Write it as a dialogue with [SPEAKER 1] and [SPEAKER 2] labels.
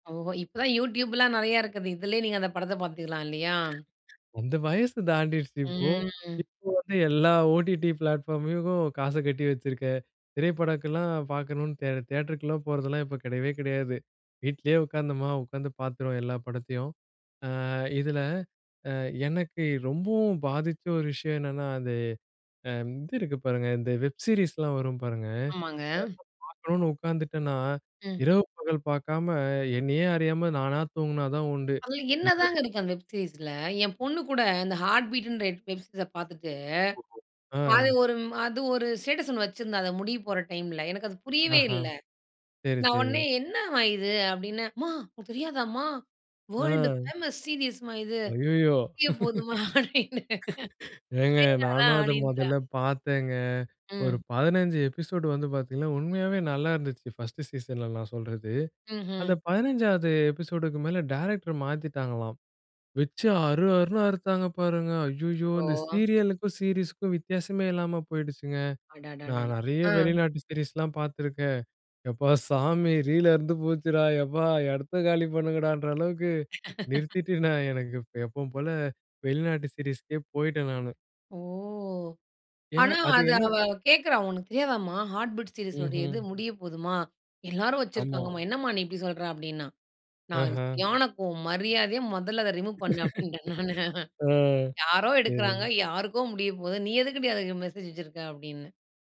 [SPEAKER 1] ஓஹோ! இப்ப தான் YouTubeலாம் நறைய இருக்கது. இதிலேயே நீங்க அந்த படத்த பார்த்துக்கலாம் இல்லையா?
[SPEAKER 2] அந்த வயசு தாண்டிருச்சு இப்போ.
[SPEAKER 1] ம்.
[SPEAKER 2] இப்போ வந்து, எல்லா OTT பிளாட்ஃபார்மக்கும் காச கட்டி வச்சிருக்கேன், திரைப்படக்கலாம் பார்க்கணும்னு தே தியேட்டருக்குலாம் போறதெல்லாம் இப்ப கடையவே கடையாது. வீட்லயே உட்கார்ந்தோமா உட்காந்து பார்த்துருவோம் எல்லா படத்தையும். ஆ இதில அ எனக்கு ரொம்பவும் பாதிச்ச ஒரு விஷயம் என்னன்னா, அது அ இது இருக்கு பாருங்க. இந்த வெப் சீரிஸ்லாம் வரும் பாருங்க.
[SPEAKER 1] ஆமாங்க.
[SPEAKER 2] பார்க்கணும்னு உட்கார்ந்துட்டேனா
[SPEAKER 1] ம்.
[SPEAKER 2] இரவு, பகல் பார்க்காம என்னையே அறியாம நானா தூங்குனா தான் உண்டு.
[SPEAKER 1] அதில என்னதாங்க
[SPEAKER 2] [unintelligible]
[SPEAKER 1] இருக்கு அந்த வெப் சீரிஸ்ல. என் பொண்ணு கூட அந்த Heart Beatன்ற எப் வெப் சீரிஸ்ஸ பார்த்துட்டு, அது
[SPEAKER 2] அ.
[SPEAKER 1] ஒரு அது ஒரு ஸ்டேட்டஸ் ஒண்ணு வச்சுருந்தா அத முடிய போற டைம்ல. எனக்கு அது புரியவே
[SPEAKER 2] ஆஹா.
[SPEAKER 1] இல்ல.
[SPEAKER 2] சரி,
[SPEAKER 1] நான்
[SPEAKER 2] சரி.
[SPEAKER 1] உடனே, என்னம்மா இது அப்டின்னே? "அம்மா உனக்கு தெரியாதாமா வேர்ல்ட்
[SPEAKER 2] அ.
[SPEAKER 1] பேமஸ் சீரியஸ் அம்மா இது.
[SPEAKER 2] அய்யயோ!
[SPEAKER 1] முடிய போதும்மா" அப்டின்னு.
[SPEAKER 2] ஏங்க நானும் அத
[SPEAKER 1] [unintelligible] அப்டின்றா.
[SPEAKER 2] முதல்ல பார்த்தேங்க. ஒரு
[SPEAKER 1] ம்.
[SPEAKER 2] 15 எபிசோடு வந்து பார்த்தீங்கன்னா, உண்மையாவே நல்லா இருந்துச்சு ஃபர்ஸ்ட் சீசன்ல நான் சொல்றது. அந்த
[SPEAKER 1] ம்ஹ்ம்.
[SPEAKER 2] 15 எபிசோடுக்கு மேல டைரக்டர் மாத்திட்டாங்களாம். வச்சு அறு, அறுன்னு அறுத்தாங்க பாருங்க. அய்யயோ! இந்த
[SPEAKER 1] ஓ!
[SPEAKER 2] சீரியல்க்கும், சீரியஸ்க்கும் வித்தியாசமே இல்லாம போயிடுச்சுங்க.
[SPEAKER 1] அடடடடா!
[SPEAKER 2] நான் நறைய
[SPEAKER 1] அ.
[SPEAKER 2] வெளிநாட்டு சீரிஸ்லாம் பாத்துருக்கேன். எப்பா சாமி! ரீல் அருந்து போச்சுடா எப்பா! எடத்த காலி பண்ணுங்கடான்ற அளவுக்கு நிறுத்திட்டு நான் எனக்கு எப்பவும் போல வெளிநாட்டு சீரிஸ்க்கே போய்டேன் நானு.
[SPEAKER 1] ஓ!
[SPEAKER 2] ஏனா,
[SPEAKER 1] ஆனா
[SPEAKER 2] அது
[SPEAKER 1] அத
[SPEAKER 2] என்ன?
[SPEAKER 1] அவ கேட்குறா, "உனக்கு தெரியாதாமா Heart Beat சீரிஸ் உடையது இது
[SPEAKER 2] ம்ஹ்ம்.
[SPEAKER 1] முடிய போதுமா. எல்லாரும்
[SPEAKER 2] அமா.
[SPEAKER 1] வச்சுருக்காங்கமா, என்னம்மா நீ இப்டி சொல்ற" அப்டின்னா. நான்
[SPEAKER 2] ஆஹ.
[SPEAKER 1] சரியான கோவம். மரியாதையா முதல்ல அத ரிமூவ் பண்ணு அப்டின்டேன் நானு.
[SPEAKER 2] அ.
[SPEAKER 1] யாரோ எடுக்குறாங்க,
[SPEAKER 2] சரி.
[SPEAKER 1] யாருக்கோ முடியப்போது. நீ எதுக்குடி அதுக்கு மெசேஜ் வச்சுருக்க அப்டின்னு.